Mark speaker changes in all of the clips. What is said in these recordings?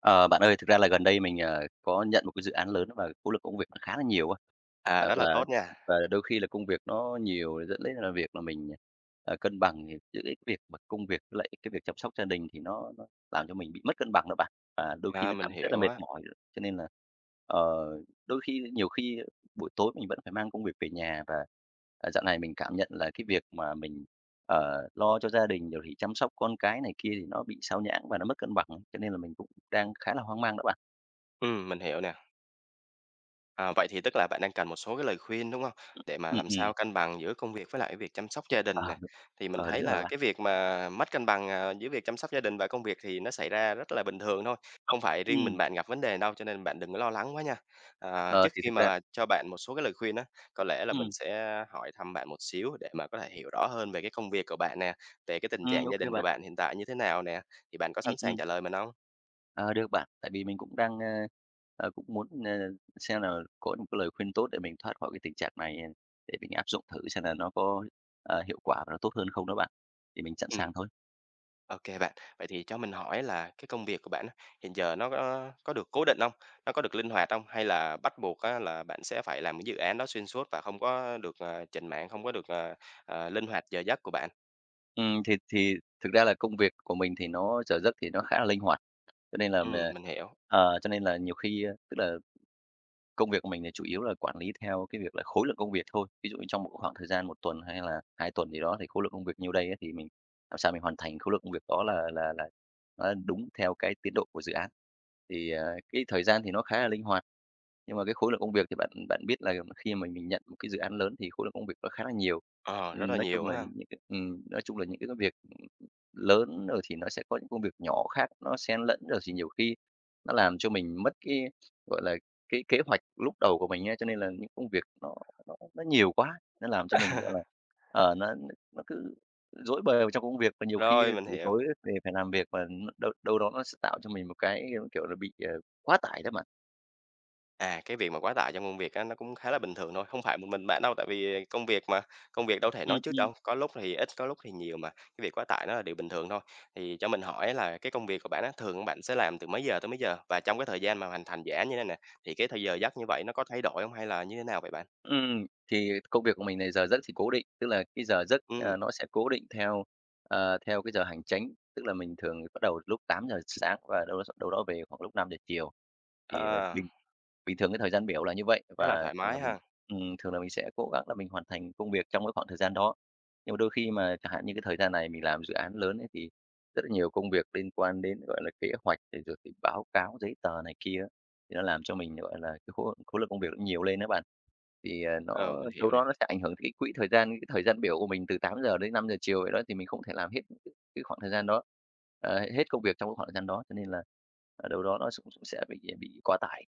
Speaker 1: Ờ, bạn ơi, thực ra là gần đây mình, à, có nhận một cái dự án lớn và khối lượng công việc nó khá là nhiều á.
Speaker 2: À,
Speaker 1: À,
Speaker 2: rất là
Speaker 1: và
Speaker 2: tốt nha.
Speaker 1: và đôi khi là công việc nó nhiều dẫn đến là việc là mình, à, à, cân bằng giữa cái việc mà công việc với lại cái việc chăm sóc gia đình thì nó nó làm cho mình bị mất cân bằng đó bạn. Và đôi khi
Speaker 2: Ờ,
Speaker 1: nó
Speaker 2: mình
Speaker 1: cảm rất là
Speaker 2: hiểu
Speaker 1: mệt
Speaker 2: á.
Speaker 1: mỏi, cho nên là, ờ, đôi khi nhiều khi buổi tối mình vẫn phải mang công việc về nhà, và, à, dạo này mình cảm nhận là cái việc mà mình, ờ, lo cho gia đình rồi thì chăm sóc con cái này kia thì nó bị sao nhãng, và nó mất cân bằng, cho nên là mình cũng đang khá là hoang mang đó bạn.
Speaker 2: Ừm, mình hiểu nè. Ờ, vậy thì tức là bạn đang cần một số cái lời khuyên, đúng hông? Để mà
Speaker 1: Ừm,
Speaker 2: làm
Speaker 1: ừm.
Speaker 2: sao cân bằng giữa công việc với lại cái việc chăm sóc gia
Speaker 1: Ờ,
Speaker 2: đình nè.
Speaker 1: đúng,
Speaker 2: Thì mình
Speaker 1: ờ,
Speaker 2: thấy
Speaker 1: đúng rồi
Speaker 2: là
Speaker 1: bạn.
Speaker 2: cái việc mà mất cân bằng, à, giữa việc chăm sóc gia đình và công việc thì nó xảy ra rất là bình thường thôi, không phải riêng mình
Speaker 1: Ừm.
Speaker 2: bạn gặp vấn đề đâu, cho nên là bạn đừng có lo lắng quá nha. Ờ,
Speaker 1: Ờ,
Speaker 2: trước
Speaker 1: thì
Speaker 2: khi
Speaker 1: thực
Speaker 2: mà
Speaker 1: ra
Speaker 2: mà cho bạn một số cái lời khuyên á, có lẽ là mình
Speaker 1: Ừm.
Speaker 2: sẽ hỏi thăm bạn một xíu để mà có thể hiểu rõ hơn về cái công việc của bạn nè, về cái tình trạng
Speaker 1: Ừm, ô
Speaker 2: gia
Speaker 1: kê
Speaker 2: đình của
Speaker 1: bạn.
Speaker 2: bạn hiện tại như thế nào nè. Thì bạn có
Speaker 1: Ừm,
Speaker 2: sẵn sàng
Speaker 1: ừm.
Speaker 2: trả lời mình hông?
Speaker 1: Ờ, được bạn. Tại vì mình cũng đang, ơ, ờ, cũng muốn, ờ, xem là có một cái lời khuyên tốt, để mình thoát khỏi cái tình trạng này, h để mình áp dụng thử xem là nó có, ờ, hiệu quả và nó tốt hơn không đó bạn. Thì mình sẵn
Speaker 2: Ừm.
Speaker 1: sàng thôi.
Speaker 2: OK bạn, vậy thì cho mình hỏi á là cái công việc của bạn á, hiện giờ nó có có được cố định hông? Nó có được linh hoạt hông? Hay là bắt buộc á là bạn sẽ phải làm cái dự án đó xuyên suốt và không có được, ờ, chểnh mảng, không có được, ờ, ờ, linh hoạt giờ giấc của bạn?
Speaker 1: Ừm, thì thì thực ra là công việc của mình thì nó giờ giấc thì nó khá là linh hoạt. Cho nên là m
Speaker 2: Ừm, mình hiểu!
Speaker 1: ờ, cho nên là nhiều khi tức là công việc của mình thì chủ yếu là quản lý theo cái việc là khối lượng công việc thôi. Ví dụ như trong một cái khoảng thời gian 1 tuần hay là 2 tuần gì đó, thì khối lượng công việc nhiêu đây á, thì mình làm sao mình hoàn thành khối lượng công việc đó là là là nó đúng theo cái tiến độ của dự án. Thì, ờ, cái thời gian thì nó khá là linh hoạt, nhưng mà cái khối lượng công việc thì bạn bạn biết là m khi mà mình nhận một cái dự án lớn, thì khối lượng công việc nó khá là nhiều.
Speaker 2: Ờ, rất
Speaker 1: Ừm,
Speaker 2: là
Speaker 1: nói
Speaker 2: nhiều
Speaker 1: chung là
Speaker 2: ha.
Speaker 1: những cái ừm, nói chung là những cái cái việc, ừm, lớn, rồi thì nó sẽ có những công việc nhỏ khác, nó xen lẫn, rồi thì nhiều khi nó làm cho mình mất cái, gọi là, cái kế hoạch lúc đầu của mình á. Cho nên là những công việc nó nó nó nhiều quá, nó làm cho mình, gọi là, ờ, nó nó nó cứ rối bời vào trong công việc, và nhiều khi, a,
Speaker 2: Rồi, mình
Speaker 1: buổi tối
Speaker 2: hiểu.
Speaker 1: về phải làm việc mà đâu đâu đó, nó s tạo cho mình một cái, kiểu là, bị, ờ, quá tải đó mà.
Speaker 2: À, cái việc mà quá tải trong công việc á, nó cũng khá là bình thường thôi, không phải một mình bạn đâu. Tại vì công việc mà, công việc đâu có thể
Speaker 1: Ừm,
Speaker 2: nói trước
Speaker 1: ừm.
Speaker 2: đâu, có lúc thì ít, có lúc thì nhiều mà, cái việc quá tải nó là điều bình thường thôi. Thì cho mình hỏi là cái công việc của bạn á, thường bạn sẽ làm từ mấy giờ tới mấy giờ? Và trong cái thời gian mà hoàn thành dự án như này nè, thì cái thời giờ giấc như vậy nó có thay đổi hông hay là như thế nào vậy bạn?
Speaker 1: Ừm, thì công việc của mình này giờ giấc thì cố định, tức là cái giờ giấc,
Speaker 2: Ừm.
Speaker 1: à, nó sẽ cố định theo, ờ, theo cái giờ hành chánh, tức là mình thường bắt đầu lúc 8:00 sáng và đâu đâu đó s đâu đó về khoảng lúc 5:00 chiều. Thì, à,
Speaker 2: Ờ.
Speaker 1: bình bình thường cái thời gian biểu là như vậy
Speaker 2: Khá là
Speaker 1: và
Speaker 2: thoải
Speaker 1: thường là
Speaker 2: mái
Speaker 1: mình
Speaker 2: ha.
Speaker 1: ừm, thường là mình sẽ cố gắng là mình hoàn thành công việc trong cái khoảng thời gian đó. Nhưng mà đôi khi mà chẳng hạn như cái thời gian này mình làm dự án lớn ấy thì rất là nhiều công việc liên quan đến, gọi là, kế hoạch thì rồi cứ báo cáo giấy tờ này kia á, thì nó làm cho mình, gọi là, cái khối khối lượng công việc nó nhiều lên đó bạn. Thì, ờ,
Speaker 2: Ờ,
Speaker 1: nó
Speaker 2: mình hiểu
Speaker 1: đâu đó
Speaker 2: nè.
Speaker 1: nó sẽ ảnh hưởng cái quỹ thời gian, cái thời gian biểu của mình từ 8:00 đến 5:00 chiều vậy đó. Thì mình không thể làm hết cái khoảng thời gian đó, ờ, hết công việc trong cái khoảng thời gian đó. Cho nên là, à, đâu đó nó cũng s sẽ sẽ bị bị quá tải.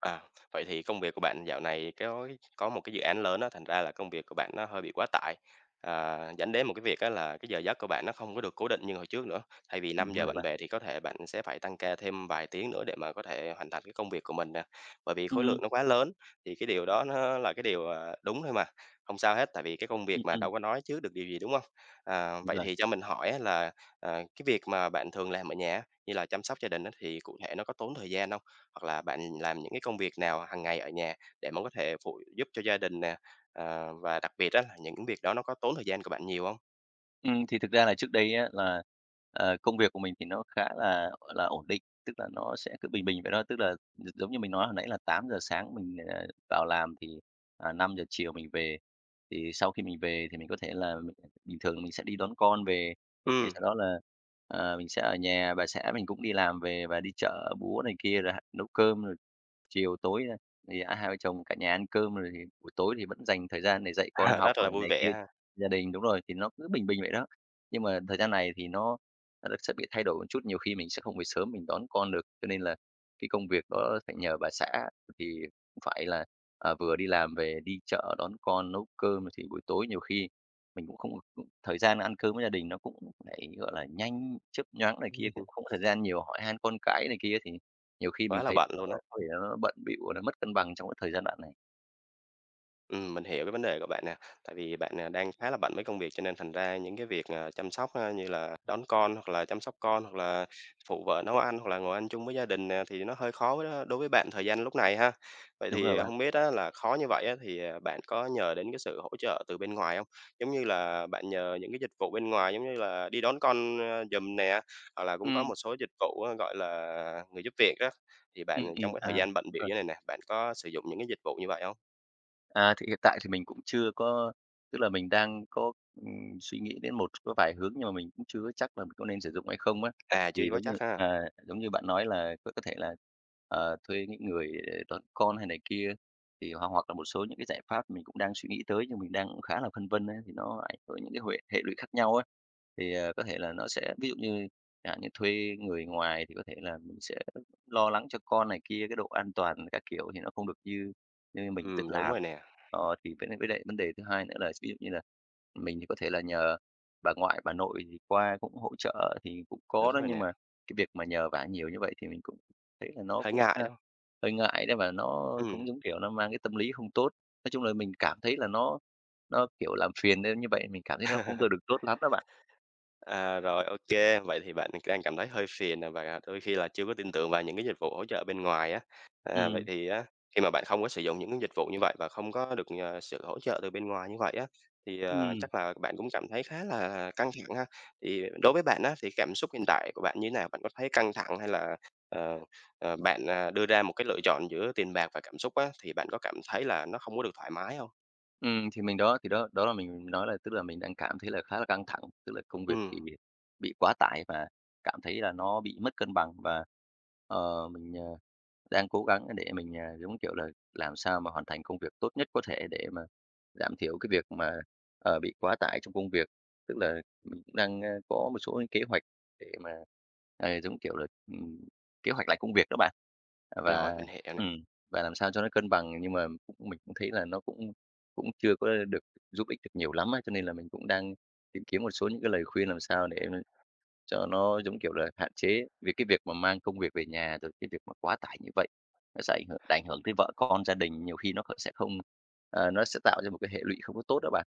Speaker 2: À. Vậy thì công việc của bạn dạo này thì cói có một cái dự án lớn á, thành ra là công việc của bạn nó hơi bị quá tải, ờ, dẫn đến một cái việc á là cái giờ giấc của bạn nó không có được cố định như hồi trước nữa. Thay vì năm
Speaker 1: Đúng
Speaker 2: giờ
Speaker 1: rồi
Speaker 2: bạn
Speaker 1: bạn.
Speaker 2: về thì có thể bạn sẽ phải tăng ca thêm vài tiếng nữa để mà có thể hoàn thành cái công việc của mình nè, bởi vì khối
Speaker 1: Ừm.
Speaker 2: lượng nó quá lớn. Thì cái điều đó nó là cái điều, ờ, đúng thôi mà, hông sao hết, tại vì cái công việc
Speaker 1: Ừm,
Speaker 2: mà
Speaker 1: ừm.
Speaker 2: đâu có nói trước được, đúng hông? À,
Speaker 1: Đúng
Speaker 2: vậy
Speaker 1: rồi.
Speaker 2: thì cho mình hỏi á là, ờ, cái việc mà bạn thường làm ở nhà á, như là chăm sóc gia đình á, thì cụ thể nó có tốn thời gian hông? Hoặc là bạn làm những cái công việc nào hàng ngày ở nhà, để mà có thể phụ giúp cho gia đình nè? Ờ, và đặc biệt á, những việc đó nó có tốn thời gian của bạn nhiều hông?
Speaker 1: Ừm, thì thực ra là trước đây á là, ờ, công việc của mình thì nó khá là, gọi là, ổn định, tức là nó sẽ cứ bình bình vậy đó, tức là gi giống như mình nói hồi nãy là 8:00 sáng mình, à, vào làm thì, à, 5:00 chiều mình về. Thì sau khi mình về thì mình có thể là bình thường mình sẽ đi đón con về, thì
Speaker 2: Ừm.
Speaker 1: sau đó là, ờ, mình sẽ ở nhà, bà xã mình cũng đi làm về và đi chợ búa này kia, rồi ha nấu cơm, rồi chiều tối, a, thì, a, hai vợ chồng cả nhà ăn cơm, rồi thì buổi tối thì vẫn dành thời gian để dạy con
Speaker 2: À,
Speaker 1: học
Speaker 2: rất là
Speaker 1: rồi
Speaker 2: vui
Speaker 1: này
Speaker 2: vẻ
Speaker 1: kia.
Speaker 2: ha.
Speaker 1: Gia đình đúng rồi, thì nó cứ bình bình vậy đó, nhưng mà thời gian này thì nó nó sẽ bị thay đổi một chút, nhiều khi mình sẽ không về sớm mình đón con được. Cho nên là cái công việc đó phải nhờ bà xã thì cũng phải là, à, vừa đi làm về đi chợ, đón con, nấu cơm, thì buổi tối nhiều khi mình cũng không có, ưm, thời gian ăn cơm với gia đình, nó cũng lại, gọi là, nhanh, chớp nhoáng này kia. Cũng không có thời gian nhiều hỏi han con cái này kia thì nhiều khi mình
Speaker 2: Quá là
Speaker 1: thấy
Speaker 2: bận
Speaker 1: nó
Speaker 2: luôn á.
Speaker 1: có thể là nó bận bịu và nó mất cân bằng trong cái thời gian đoạn này.
Speaker 2: Ừm, mình hiểu cái vấn đề của bạn nè, tại vì bạn, à, đang khá là bận với công việc cho nên thành ra những cái việc, à, chăm sóc như là đón con, hoặc là chăm sóc con, hoặc là phụ vợ nấu ăn, hoặc là ngồi ăn chung với gia đình nè, thì nó hơi khó v đối với bạn thời gian lúc này ha. Vậy
Speaker 1: Đúng rồi
Speaker 2: thì
Speaker 1: bạn.
Speaker 2: hông biết á là khó như vậy á, thì, à, bạn có nhờ đến cái sự hỗ trợ từ bên ngoài hông? Giống như là, bạn nhờ những cái dịch vụ bên ngoài giống như là đi đón con, ơ, giùm nè, hoặc là cũng có
Speaker 1: Ừm.
Speaker 2: một số dịch vụ á, gọi là, người giúp việc á, thì bạn
Speaker 1: Ừm, ừm,
Speaker 2: trong cái
Speaker 1: à,
Speaker 2: thời gian bận
Speaker 1: đúng
Speaker 2: bịu
Speaker 1: rồi.
Speaker 2: như thế này nè, bạn có sử dụng những cái dịch vụ như vậy hông?
Speaker 1: À, thì hiện tại thì mình cũng chưa có tức là mình đang có, ừm, suy nghĩ đến một có vài hướng nhưng mà mình cũng chưa chắc là mình có nên sử dụng hay không á.
Speaker 2: À, chưa
Speaker 1: Thì
Speaker 2: vó
Speaker 1: giống như,
Speaker 2: chắc ha.
Speaker 1: ờ, giống như bạn nói là có có thể là, ờ, thuê những người đón con hay này kia, thì hoặc hoặc là một số những cái giải pháp mình cũng đang suy nghĩ tới nhưng mình đang khá là phân vân ấy, thì nó ảnh hưởng những cái huệ hệ lụy khác nhau ấy. Thì, ờ, có thể là nó sẽ ví dụ như chẳng hạn như thuê người ngoài thì có thể là mình sẽ lo lắng cho con này kia, cái độ an toàn các kiểu thì nó không được như như mình tự
Speaker 2: Ừm, đúng
Speaker 1: làm.
Speaker 2: rồi nè.
Speaker 1: Ờ, thì với nại với lại vấn đề thứ hai nữa là ví dụ như là mình thì có thể là nhờ bà ngoại, bà nội thì qua cũng hỗ trợ thì cũng có
Speaker 2: Đúng
Speaker 1: đó,
Speaker 2: rồi
Speaker 1: nhưng
Speaker 2: nè.
Speaker 1: mà cái việc mà nhờ vả nhiều như vậy thì mình cũng thấy là nó
Speaker 2: Hơi
Speaker 1: cũng,
Speaker 2: ngại,
Speaker 1: a,
Speaker 2: đúng hông?
Speaker 1: hơi ngại đấy và nó
Speaker 2: Ừm.
Speaker 1: cũng giống kiểu nó mang cái tâm lý không tốt. Nói chung là mình cảm thấy là nó nó, kiểu, làm phiền nên như vậy mình cảm thấy nó không có được tốt lắm đó bạn.
Speaker 2: À, rồi, ô kê, vậy thì bạn đang cảm thấy hơi phiền, à, và đôi khi là chưa có tin tưởng vào những cái dịch vụ hỗ trợ bên ngoài á. Ờ, vậy
Speaker 1: Ừm.
Speaker 2: thì á, khi mà bạn không có sử dụng những dịch vụ như vậy, và không có được, à, sự hỗ trợ từ bên ngoài như vậy á, thì, ờ,
Speaker 1: Ừm.
Speaker 2: chắc là bạn cũng cảm thấy khá là căng thẳng ha. Thì đối với bạn á, thì cảm xúc hiện tại của bạn như nào? Bạn có thấy căng thẳng, hay là, ờ, ờ, bạn, à, đưa ra một cái lựa chọn giữa tiền bạc và cảm xúc á, thì bạn có cảm thấy là nó không có được thoải mái hông?
Speaker 1: Ừm, thì mình đó thì đó, đó là mình nói là, tức là, mình đang cảm thấy là khá là căng thẳng. Tức là công việc
Speaker 2: Ừm.
Speaker 1: thì bị quá tải và cảm thấy là nó bị mất cân bằng, và, ờ, mình, ờ, đang cố gắng để mình, à, giống kiểu là, làm sao mà hoàn thành công việc tốt nhất có thể để mà giảm thiểu cái việc mà, ờ, bị quá tải trong công việc. Tức là mình cũng đang, a, có một số cái kế hoạch để mà, à, giống kiểu là, ừm, kế hoạch lại công việc đó bạn, à, và
Speaker 2: Rồi, mình hiểu nè.
Speaker 1: ừm, và làm sao cho nó cân bằng, nhưng mà mình cũng thấy là nó cũng cũng chưa có được giúp ích được nhiều lắm á. Cho nên là mình cũng đang tìm kiếm một số những cái lời khuyên làm sao để mà cho nó, giống kiểu là, hạn chế về cái việc mà mang công việc về nhà, rồi cái việc mà quá tải như vậy. Nó sẽ ảnh hưởng ảnh hưởng tới vợ con, gia đình, nhiều khi nó còn sẽ không ờ, nó sẽ tạo ra một cái hệ lụy không có tốt đó bạn.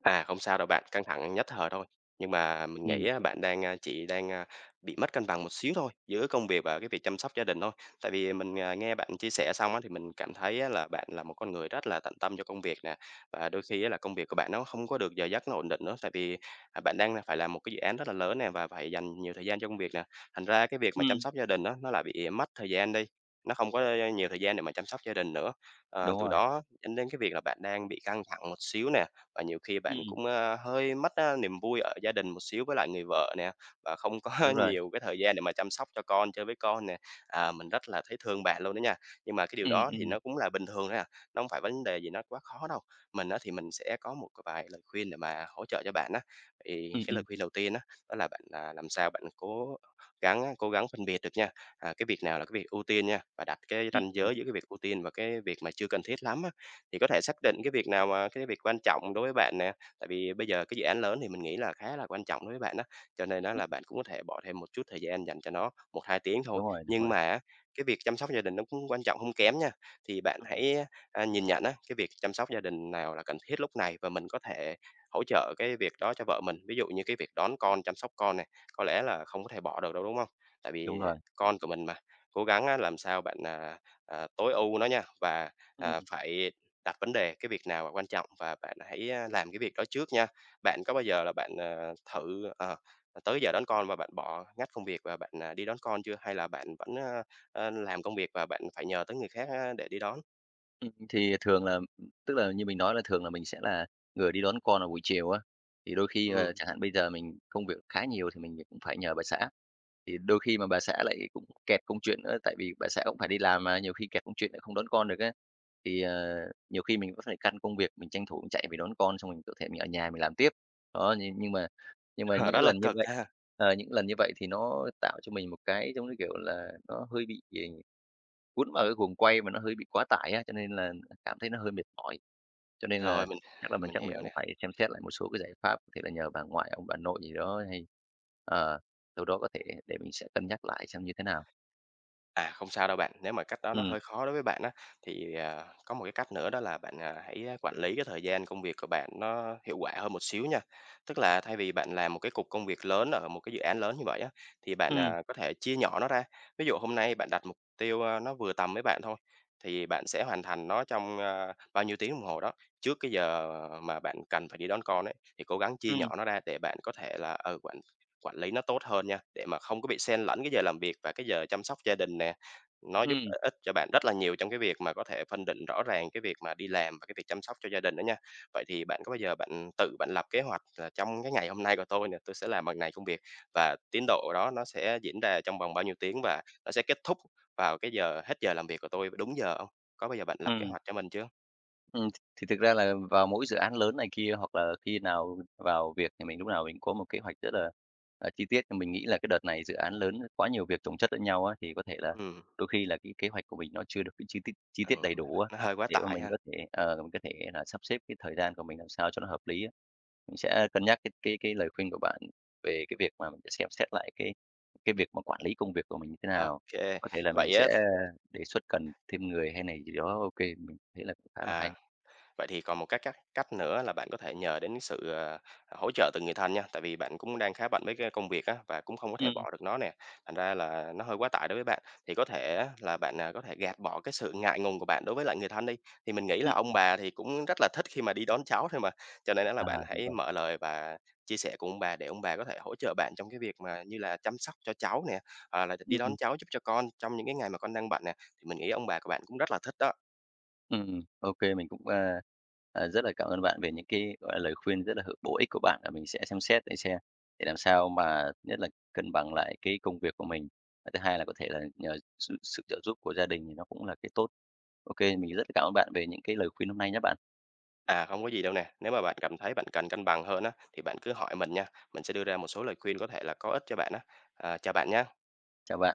Speaker 2: À, không sao đâu bạn, căng thẳng nhất thời thôi. Nhưng mà mình
Speaker 1: Ừm.
Speaker 2: nghĩ á bạn đang, a chỉ đang, a, bị mất cân bằng một xíu thôi, giữa công việc và cái việc chăm sóc gia đình thôi. Tại vì mình, à, nghe bạn chia sẻ xong á thì mình cảm thấy á là bạn là một con người rất là tận tâm cho công việc nè, và đôi khi á là công việc của bạn nó không có được giờ giấc nó ổn định nữa, tại vì, à, bạn đang phải làm một cái dự án rất là lớn nè, và phải dành nhiều thời gian cho công việc nè, thành ra á cái việc mà chăm
Speaker 1: Ừm.
Speaker 2: sóc gia đình á, nó lại bị mất thời gian đi, nó không có nhiều thời gian để mà chăm sóc gia đình nữa. Ờ,
Speaker 1: Đúng
Speaker 2: từ
Speaker 1: rồi.
Speaker 2: đó dẫn đến cái việc là bạn đang bị căng thẳng một xíu nè, và nhiều khi bạn
Speaker 1: Ừm.
Speaker 2: cũng, a, hơi mất, a, niềm vui ở gia đình một xíu với lại người vợ nè, và không có
Speaker 1: Đúng rồi.
Speaker 2: nhiều cái thời gian để mà chăm sóc cho con, chơi với con nè. À, mình rất là thấy thương bạn luôn đó nha, nhưng mà cái điều
Speaker 1: Ừm,
Speaker 2: đó thì
Speaker 1: ừm.
Speaker 2: nó cũng là bình thường thôi à, nó hông phải vấn đề gì nó quá khó đâu. Mình á thì mình sẽ có một cái vài lời khuyên để mà hỗ trợ cho bạn á. Thì
Speaker 1: Ừm,
Speaker 2: cái lời
Speaker 1: ừm.
Speaker 2: khuyên đầu tiên á, đó là bạn, à, làm sao bạn cố gắng á, cố gắng phân biệt được nha, à, cái việc nào là cái việc ưu tiên nha, và đặt cái
Speaker 1: Ưm.
Speaker 2: ranh
Speaker 1: Ừm.
Speaker 2: giới giữa cái việc ưu tiên và cái việc mà chưa cần thiết lắm á. Thì có thể xác định cái việc nào mà cái việc quan trọng đối với bạn nè, tại vì bây giờ cái dự án lớn thì mình nghĩ là khá là quan trọng đối với bạn á, cho nên á
Speaker 1: Ừm.
Speaker 2: là bạn cũng có thể bỏ thêm một chút thời gian dành cho nó 1-2 tiếng thôi.
Speaker 1: Đúng rồi, đúng
Speaker 2: Nhưng
Speaker 1: rồi.
Speaker 2: mà á cái việc chăm sóc gia đình nó cũng quan trọng hông kém nha, thì bạn
Speaker 1: Ưm. Ừm.
Speaker 2: hãy, a, nhìn nhận á, cái việc chăm sóc gia đình nào là cần thiết lúc này và mình có thể hỗ trợ cái việc đó cho vợ mình. Ví dụ như cái việc đón con, chăm sóc con này, có lẽ là không có thể bỏ được đâu, đúng hông? Tại
Speaker 1: Đúng
Speaker 2: vì, ờ,
Speaker 1: rồi.
Speaker 2: con của mình mà, cố gắng á làm sao bạn, à, à, tối ưu nó nha, và, à,
Speaker 1: Ừm.
Speaker 2: phải đặt vấn đề cái việc nào quan trọng, và bạn hãy, a, làm cái việc đó trước nha. Bạn có bao giờ là bạn, ờ, thử, ờ, tới giờ đón con mà bạn bỏ, ngắt công việc và bạn đi đón con chưa, hay là bạn vẫn, a, a, làm công việc và bạn phải nhờ tới người khác á để đi đón?
Speaker 1: Ừm, thì thường là ừm, tức là như mình nói là thường là mình sẽ là người đi đón con vào buổi chiều á, thì đôi khi là
Speaker 2: Ừm.
Speaker 1: chẳng hạn bây giờ mình công việc khá nhiều thì mình lại cũng phải nhờ bà xã. Thì đôi khi mà bà xã lại cũng kẹt công chuyện nữa, tại vì bà xã cũng phải đi làm mà, nhiều khi kẹt công chuyện lại không đón con được á, thì, ờ, nhiều khi mình vẫn phải căn công việc, mình tranh thủ mình chạy về đón con xong mình có thể mình ở nhà mình làm tiếp. Đó nhưng nhưng mà nhưng mà
Speaker 2: Hờ,
Speaker 1: những
Speaker 2: rất
Speaker 1: cái
Speaker 2: là
Speaker 1: lần như
Speaker 2: cực
Speaker 1: vậy,
Speaker 2: ha.
Speaker 1: ờ, những lần như vậy thì nó tạo cho mình một cái, giống như, kiểu là, nó hơi bị ì cuốn vào cái guồng quay mà nó hơi bị quá tải á, cho nên là là cảm thấy nó hơi mệt mỏi. Cho nên là
Speaker 2: Rồi mình
Speaker 1: chắc là mình
Speaker 2: mình
Speaker 1: chắc
Speaker 2: hiểu
Speaker 1: mình
Speaker 2: nè.
Speaker 1: cũng phải xem xét lại một số cái giải pháp, có thể là nhờ bà ngoại, ông bà nội gì đó hay ờ, sau đó có thể để mình sẽ cân nhắc lại xem như thế nào.
Speaker 2: À, không sao đâu bạn, nếu mà cách đó nó
Speaker 1: Ừm.
Speaker 2: hơi khó đối với bạn á, thì, à, có một cái cách nữa đó là bạn, à, hãy, á, quản lý cái thời gian công việc của bạn nó hiệu quả hơn một xíu nha. Tức là thay vì bạn làm một cái cục công việc lớn ở một cái dự án lớn như vậy á, thì bạn,
Speaker 1: Ừm.
Speaker 2: à, có thể chia nhỏ nó ra. Ví dụ hôm nay bạn đặt mục tiêu, a, nó vừa tầm với bạn thôi, thì bạn sẽ hoàn thành nó trong, a, bao nhiêu tiếng đồng hồ đó, trước cái giờ mà bạn cần phải đi đón con ấy. Thì cố gắng chia
Speaker 1: Ừm.
Speaker 2: nhỏ nó ra để bạn có thể là, ừ, quản quản lý nó tốt hơn nha, để mà không có bị xen lẫn cái giờ làm việc và cái giờ chăm sóc gia đình nè. Nó giúp
Speaker 1: Ừm.
Speaker 2: ích cho bạn rất là nhiều trong cái việc mà có thể phân định rõ ràng cái việc mà đi làm và cái việc chăm sóc cho gia đình đó nha. Vậy thì bạn có bao giờ bạn tự bạn lập kế hoạch là trong cái ngày hôm nay của tôi nè, tôi sẽ làm bằng này công việc, và tiến độ đó nó sẽ diễn ra trong vòng bao nhiêu tiếng, và nó sẽ kết thúc vào cái giờ hết giờ làm việc của tôi đúng giờ hông? Có bao giờ bạn lập kế
Speaker 1: Ừm.
Speaker 2: hoạch cho mình chưa?
Speaker 1: Ừm, t thì thực ra là vào mỗi dự án lớn này kia hoặc là khi nào v vào việc là mình lúc nào mình có một kế hoạch rất là, à, chi tiết. À, mình nghĩ là cái đợt này dự án lớn, ơ, quá nhiều việc chồng chất lẫn nhau á, thì có thể là
Speaker 2: Ừm.
Speaker 1: đôi khi là cái kế hoạch của mình nó chưa được cái chi tiết chi tiết
Speaker 2: Ừ,
Speaker 1: đầy đủ á,
Speaker 2: nó hơi quá
Speaker 1: để mà
Speaker 2: tải
Speaker 1: mình
Speaker 2: ha.
Speaker 1: có thể ờ, mình có thể là sắp xếp cái thời gian của mình làm sao cho nó hợp lý á. Mình sẽ cân nhắc cái cái cái lời khuyên của bạn về cái việc mà mình sẽ xem xét lại cái cái việc mà quản lý công việc của mình như thế nào.
Speaker 2: OK,
Speaker 1: Có thể là mình
Speaker 2: vậy á
Speaker 1: sẽ
Speaker 2: th
Speaker 1: đề xuất cần thêm người hay là gì đó. OK, mình thấy là cũng khá là hay.
Speaker 2: à, vậy thì còn một cái cách cách nữa là bạn có thể nhờ đến sự, à, à, hỗ trợ từ người thân nha. Tại vì bạn cũng đang khá bận với cái công việc á, và cũng không có thể
Speaker 1: Ừm.
Speaker 2: bỏ được nó nè, thành ra là nó hơi quá tải đối với bạn. Thì có thể á là bạn, à, có thể gạt bỏ cái sự ngại ngùng của bạn đối với lại người thân đi, thì mình nghĩ là
Speaker 1: Ừm,
Speaker 2: ông
Speaker 1: ừm.
Speaker 2: bà thì cũng rất là thích khi mà đi đón cháu thôi mà. Cho nên á là
Speaker 1: À,
Speaker 2: bạn
Speaker 1: đúng
Speaker 2: hãy
Speaker 1: rồi.
Speaker 2: mở lời và chia sẻ cùng ông bà, để ông bà có thể hỗ trợ bạn trong cái việc mà như là chăm sóc cho cháu nè, à là "Đ đi
Speaker 1: Ừm,
Speaker 2: đón
Speaker 1: ừm.
Speaker 2: cháu giúp cho con, trong những cái ngày mà con đang bận nè." Mình nghĩ là ông bà của bạn cũng rất là thích đó.
Speaker 1: Ừm, ô kê, mình cũng, a, à, rất là cảm ơn bạn về những cái, gọi là, lời khuyên rất là hữu bổ ích của bạn và mình sẽ xem xét để xem để làm sao mà nhất là cân bằng lại cái công việc của mình. Và thứ hai là có thể là nhờ sự sự trợ giúp của gia đình thì nó cũng là cái tốt. OK, mình rất cảm ơn bạn về những cái lời khuyên hôm nay nhé bạn.
Speaker 2: À, hông có gì đâu nè. Nếu mà bạn cảm thấy bạn cần cân bằng hơn á, thì bạn cứ hỏi mình nha, mình sẽ đưa ra một số lời khuyên có thể là có ích cho bạn á. À, chào bạn nha.
Speaker 1: Chào bạn, bye.